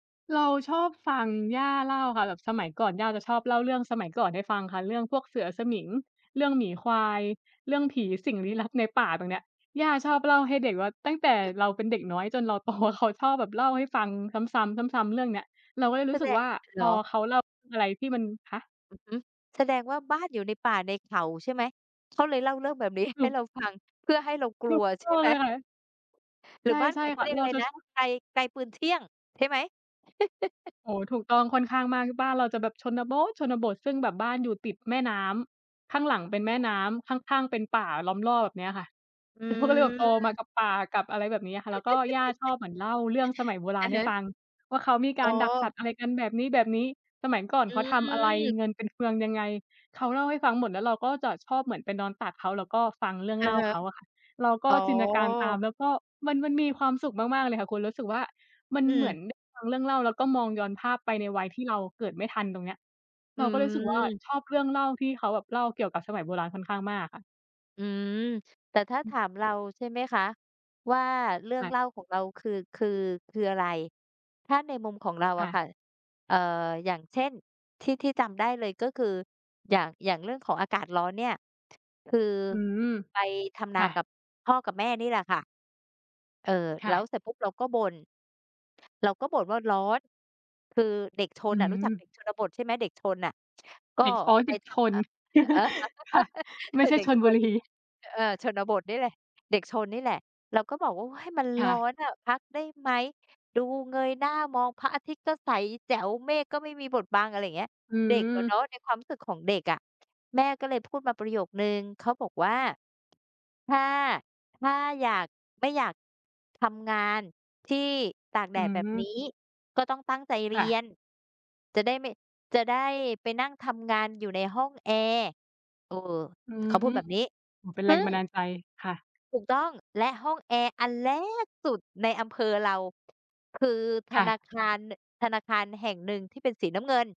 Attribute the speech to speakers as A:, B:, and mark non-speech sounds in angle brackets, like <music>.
A: เราชอบฟังย่าเล่าค่ะ แบบสมัยก่อนย่าจ
B: อือ
A: ะชอบเล่าเรื่องสมัยก่อนให้ฟังค่ะ เรื่องพวกเสือสมิง เรื่องหมีควาย เรื่องผี สิ่งลี้ลับในป่า ตรงเนี้ย ย่าชอบเล่าให้เด็กว่า ตั้งแต่เราเป็นเด็กน้อยจนเรา โต เขาชอบแบบเล่าให้ฟังซ้ำ ๆ ซ้ำ ๆ เรื่องเนี้ย เราก็เลยร
B: ส
A: ู
B: ะ
A: ้ส
B: แ
A: ึ
B: ด
A: ก
B: ะ
A: ว่าพ
B: เหร
A: อ
B: อ?
A: เขาเล่าเรื่องอะไรที่มัน คะ?
B: อือฮึ แสดงว่าบ้านอยู่ในป่าในเขาใช่ไหม? เขาเลยเล่าเรื่องแบบ นี้
A: ถ
B: ให
A: ู
B: ้เรา
A: ก
B: ฟัง เพื่อให้เราก
A: ถ
B: ลั
A: ู
B: ว
A: ก
B: ใช
A: ต
B: ่
A: ้อง
B: ไห
A: เ
B: ม?
A: ลยค่ะ
B: หร
A: ใ
B: ื
A: ช
B: อบ้าน อ
A: ่
B: เข
A: ๆ ค
B: า
A: ่ะ
B: เรียก
A: เ
B: อ
A: รา
B: ะไร
A: จะ
B: นะ
A: ชอบ
B: ไกล ไกลปืนเที่ยงใช่ไหม? <chuckles>
A: โอ้โฮ ถูกต้องค่อนข้างมาก บ้านเราจะแบบชนโบ๊ทชนบท ซึ่งแบบบ้านอยู่ติดแม่น้ำ ข้างหลังเป็นแม่น้ำ ข้าง ๆ เป็นป่าล้อมรอบ แบบเนี้ยค่ะ
B: อื
A: อืม เขาก็เลยแบบโตมา
B: ม
A: กับป่า กับอะไรแบบนี้ค่ะ แล้วก็ย่าชอ
B: <laughs>
A: บเหมือนเล่าเรื่องสมัยโบร
B: อ
A: า
B: ะ
A: ณให
B: ฮ
A: ้
B: ะ
A: ฟังว่า เขามีก
B: อ
A: า
B: ๋
A: รดักสั
B: อ
A: ตว์ อะไรกันแบบนี้ ๆ สมัยก่อน
B: อ
A: เขาทำอะไร?
B: ืม
A: เงินเป็นเฟืองยังไง? เขาเล่าให้ฟังหมด แล้วเราก็จะชอบเหมือนไปนอนตักเขาแล้วก็ฟังเรื่อง
B: อะ
A: เล่า
B: ฮะ
A: เขาอะค่ะ เราก
B: อ
A: ็
B: ๋อ
A: จินตนาการ ตาม แล้วก็มัน มันมีความสุขมาก ๆ เลยค่ะคุณ รู้สึกว่ามัน
B: อื
A: เหมื
B: ม
A: อน ด ฟังเรื่องเล่า แล้วก็มองย้อนภาพไปในวัยที่เราเกิดไม่ทัน ตรงเนี้ย
B: อ
A: เราก็เลยรู้สึกว่า
B: ืม
A: ชอบเรื่องเล่าที่เขาแบบเล่าเกี่ยวกับสมัยโบราณค่อนข้างมากอะค่ะ
B: อืม แต่ถ้า
A: อ
B: ถ
A: ือ
B: ามเราใช่ไหมคะว่า เรื่อ
A: ค
B: ง
A: ่ะ
B: เล่าของเราคือ คือ คืออะไร? ถ้าในมุมของเรา
A: ค
B: อะ
A: ่ะ
B: ค่ะ เอ่อ อย่างเช่น ที่ ที่จำได้เลยก็คือ อย่าง อย่างเรื่องของอากาศร้อนเนี่ย ท คือ
A: อือฮึ
B: ไปทำน
A: ค
B: า
A: ่
B: กั
A: ะ
B: บพ่อกับแม่นี่แหละค่ะ เอ่อ
A: ค
B: แ
A: ่
B: ล้ว
A: ะ
B: เสร็จปุ๊บเราก็บ่น เราก็บ่นว่า "ร้อน" คือเด็กช
A: อ
B: น
A: ือ
B: อะ
A: ฮ
B: รู้จักเด
A: ึ
B: ็กชนบทใช่ไหม? เด็กชนน่ะ ช ก็
A: เด็ก อ๋อ
B: ไ
A: เ
B: ป
A: ด็ก
B: ท
A: ช
B: ำ อ
A: น
B: ่า
A: <chuckles> ค่ะ
B: <laughs>
A: ไ
B: เ
A: ม
B: ผ
A: ่
B: ื่อ
A: ใช่
B: เด็ก
A: ชล
B: ช
A: บุ
B: น
A: รี
B: อ เออ ชนบทนี่แหละ เด็กชนนี่แหละ เราก็บอกว่า "ว้าย มัน
A: ค
B: ร
A: ่
B: ้อ
A: ะ
B: นอะ พักได้ไหม? ดู เงยหน้ามองพระอาทิตย์ก็ใสแจ๋ว เมฆก็ไม่มีบดบัง" อะไรอย่างเงี้ย
A: อื
B: เด็กอะเน
A: ม
B: าะ ในความรู้สึกของเด็กอะ แม่ก็เลยพูดมาประโยคหนึ่ง เขาบอกว่า "ถ้า ถ้าอยาก ไม่อยากทำงานที่ตากแด
A: อื
B: ดแบบน
A: ม
B: ี้ ก็ต้องตั้งใจเร
A: ค
B: ี
A: ่ะ
B: ยน จะได้ไม่ จะได้ไปนั่งทำงานอยู่ในห้องแอร์" เออ
A: อื
B: เขาพู
A: ม
B: ดแบบนี้
A: อ๋อ เป็นแ
B: ซ
A: ร
B: ึ่
A: งบ
B: ง
A: ันดาลใจ ค่ะ
B: ถูกต้อง และห้องแอร์อัน แรก สุดในอำเภอเรา คือธ
A: ค่
B: น
A: ะ
B: าคาร น ธนาคารแห่งหนึ่งที่เป็นสีน้ำเงิน